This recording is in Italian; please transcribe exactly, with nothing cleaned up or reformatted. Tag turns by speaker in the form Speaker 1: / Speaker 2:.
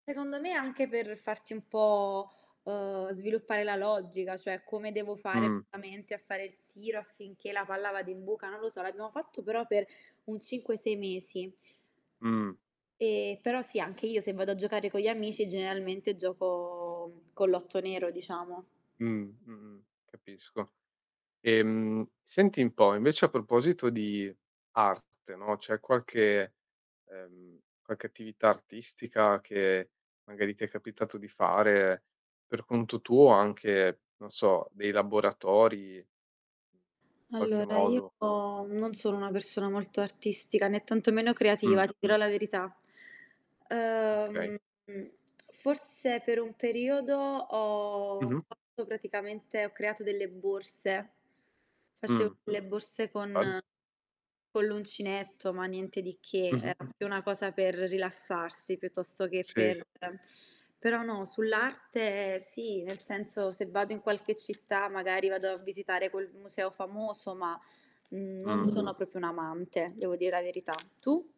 Speaker 1: Secondo me, anche per farti un po', ehm, sviluppare la logica, cioè come devo fare
Speaker 2: Mh.
Speaker 1: veramente a fare il tiro affinché la palla vada in buca, non lo so. L'abbiamo fatto però per un cinque sei mesi.
Speaker 2: Mh.
Speaker 1: E però sì, anche io se vado a giocare con gli amici generalmente gioco mhmm, con l'otto nero diciamo.
Speaker 2: Mh, mh-mh. Capisco. Ehm, senti 'n po', invece a proposito di art te no, c'è qualche, ehm, qualche attività artistica che magari ti è capitato di fare, per conto tuo anche, non so, dei laboratori qualche
Speaker 1: Allora io
Speaker 2: modo
Speaker 1: non sono una persona molto artistica, né tanto meno
Speaker 2: Mh.
Speaker 1: creativa, ti dirò la verità.
Speaker 2: Okay.
Speaker 1: Ehm, forse per un periodo ho
Speaker 2: Mh-mh.
Speaker 1: fatto praticamente, ho creato delle borse. Facevo
Speaker 2: Mh.
Speaker 1: le borse
Speaker 2: Bel
Speaker 1: con con l'uncinetto, ma niente di che.
Speaker 2: Mh-mh.
Speaker 1: Era proprio una cosa per rilassarsi piuttosto che
Speaker 2: Sì.
Speaker 1: per però no, sull'arte sì, nel senso se vado in qualche città magari vado a visitare quel m museo famoso, ma, mhmm, non
Speaker 2: Mh.
Speaker 1: sono proprio un'amante, devo dire la verità. Tu?